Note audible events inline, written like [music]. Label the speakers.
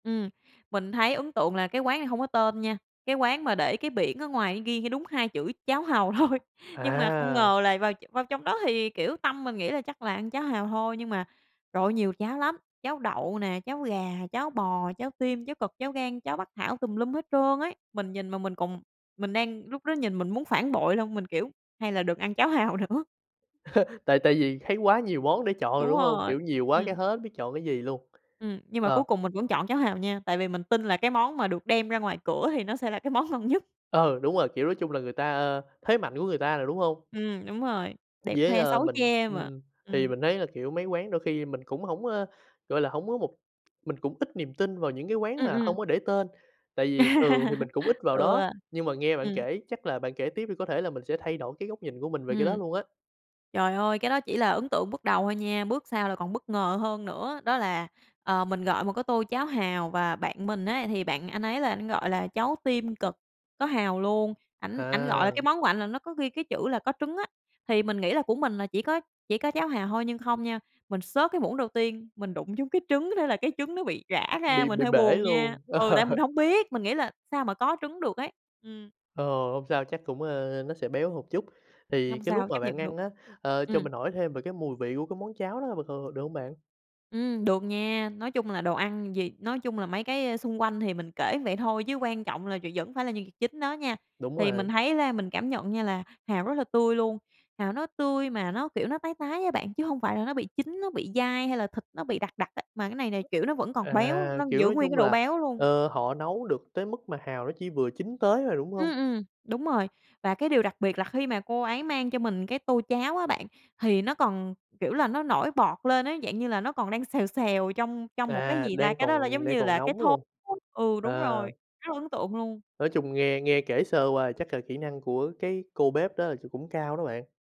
Speaker 1: Ừm, mình thấy ấn tượng là cái quán này hông có tên nha, cái quán mà để cái biển ở ngoài ghi đúng hai chữ "Cháo hàu" thôi. Nhưng mà không
Speaker 2: À.
Speaker 1: ngờ là vào vào trong đó thì, kiểu, tâm mình nghĩ là chắc là ăn cháo hàu thôi, nhưng mà, trời ơi, nhiều cháo lắm, cháo đậu nè, cháo gà, cháo bò, cháo tim, cháo cật, cháo gan, cháo bắc thảo, tùm lum hết trơn ấy. Mình nhìn mà mình còn mình đang lúc đó nhìn mình muốn phản bội luôn, mình, kiểu: "Hay là đừng ăn cháo hàu nữa."
Speaker 2: [laughs] Tại tại vì thấy quá nhiều món để chọn rồi,
Speaker 1: Đúng
Speaker 2: đúng hông?
Speaker 1: rồi,
Speaker 2: Kiểu, nhiều quá cái
Speaker 1: ừm.
Speaker 2: hết biết chọn cái gì luôn,
Speaker 1: Ừm, nhưng mà
Speaker 2: ờ.
Speaker 1: cuối cùng mình vẫn chọn cháo hàu nha, tại vì mình tin là cái món mà được đem ra ngoài cửa thì nó sẽ là cái món ngon nhất.
Speaker 2: Ừ, đúng rồi, kiểu, nói chung là người ta ơ, thế mạnh của người ta rồi, đúng hông?
Speaker 1: Ừm, đúng rồi, đẹp
Speaker 2: Với,
Speaker 1: khoe
Speaker 2: ơ,
Speaker 1: xấu
Speaker 2: mình,
Speaker 1: che mà,
Speaker 2: ừm, thì
Speaker 1: ừm.
Speaker 2: mình thấy là, kiểu, mấy quán đôi khi mình cũng hổng, ơ, gọi là, hổng có một mình cũng ít niềm tin vào những cái quán
Speaker 1: Ừm,
Speaker 2: mà hông
Speaker 1: ừm.
Speaker 2: có để tên, tại vì thường thì mình cũng ít
Speaker 1: [laughs]
Speaker 2: vào
Speaker 1: Ừ,
Speaker 2: đó, nhưng mà nghe bạn
Speaker 1: ừm.
Speaker 2: kể chắc là bạn kể tiếp đi có thể là mình sẽ thay đổi cái góc nhìn của mình về cái đó
Speaker 1: Ừm.
Speaker 2: luôn á.
Speaker 1: Trời ơi, cái đó chỉ là ấn tượng bước đầu thôi nha, bước sau là còn bất ngờ hơn nữa. Đó là, ờ, mình gọi một cái tô cháo hàu và bạn mình ấy thì bạn anh ấy là ảnh gọi là cháo tim cật, có hàu luôn, ảnh ảnh gọi là cái
Speaker 2: À.
Speaker 1: món của ảnh là nó có ghi cái chữ là có trứng á. Thì mình nghĩ là của mình là chỉ có chỉ có cháo hàu hôi nhưng không nha, mình xớt cái muỗng đầu tiên, mình đụng trúng cái trứng, thế là cái trứng nó bị rã ra,
Speaker 2: Bị
Speaker 1: mình
Speaker 2: bị
Speaker 1: hơi
Speaker 2: bể
Speaker 1: buồn nha.
Speaker 2: luôn?
Speaker 1: Ừ, tại mình
Speaker 2: [laughs]
Speaker 1: hông biết, mình nghĩ là sao mà có trứng được ấy, ừm.
Speaker 2: Ồ, hông sao, chắc cũng, ơ, nó sẽ béo hột chút. Thì
Speaker 1: Không
Speaker 2: cái lúc
Speaker 1: sao,
Speaker 2: mà
Speaker 1: chấp
Speaker 2: bạn
Speaker 1: nhận được.
Speaker 2: ăn á, ờ, cho
Speaker 1: Ừm.
Speaker 2: mình hỏi thêm về cái mùi vị của cái món cháo đó b c được hông bạn?
Speaker 1: Ừm, được nha, nói chung là đồ ăn gì nói chung là mấy cái, a, xung quanh thì mình kể vậy thôi chứ quan trọng là v vẫn phải là nhân vật chính đó nha.
Speaker 2: Đúng
Speaker 1: Thì mình
Speaker 2: rồi.
Speaker 1: thấy ra mình cảm nhận nha là hàu rất là tươi luôn, hàu nó tươi mà nó, kiểu, nó tái tái á bạn, chứ hông phải là nó bị chín, nó bị dai hay là thịt nó bị đặc đặc á, mà cái này nà, kiểu, nó vẫn còn béo,
Speaker 2: À,
Speaker 1: nó
Speaker 2: kiểu,
Speaker 1: giữ
Speaker 2: nói
Speaker 1: nguyên cái
Speaker 2: chung
Speaker 1: độ
Speaker 2: là,
Speaker 1: béo luôn.
Speaker 2: ờ, họ nấu được tới mức mà hàu nó chỉ vừa chín tới à? Đúng hông?
Speaker 1: Ừm, ừm, đúng rồi, và cái điều đặc biệt là khi mà cô ấy mang cho mình cái tô cháo á bạn, thì nó còn, kiểu là, nó nổi bọt lên ấy, dạng như là nó còn đang xèo xèo trong trong một, cái
Speaker 2: À,
Speaker 1: gì ta,
Speaker 2: đang
Speaker 1: cái đó là,
Speaker 2: còn
Speaker 1: giống
Speaker 2: đang
Speaker 1: như
Speaker 2: còn
Speaker 1: là, cái
Speaker 2: nóng
Speaker 1: thố,
Speaker 2: luôn.
Speaker 1: ừ, đúng rồi,
Speaker 2: Ờ.
Speaker 1: rất là ấn tượng luôn.
Speaker 2: Nói chung nghe nghe kể sơ qua thì chắc là kỹ năng của cái cô bếp đó là, kiểu, cũng cao đó bạn.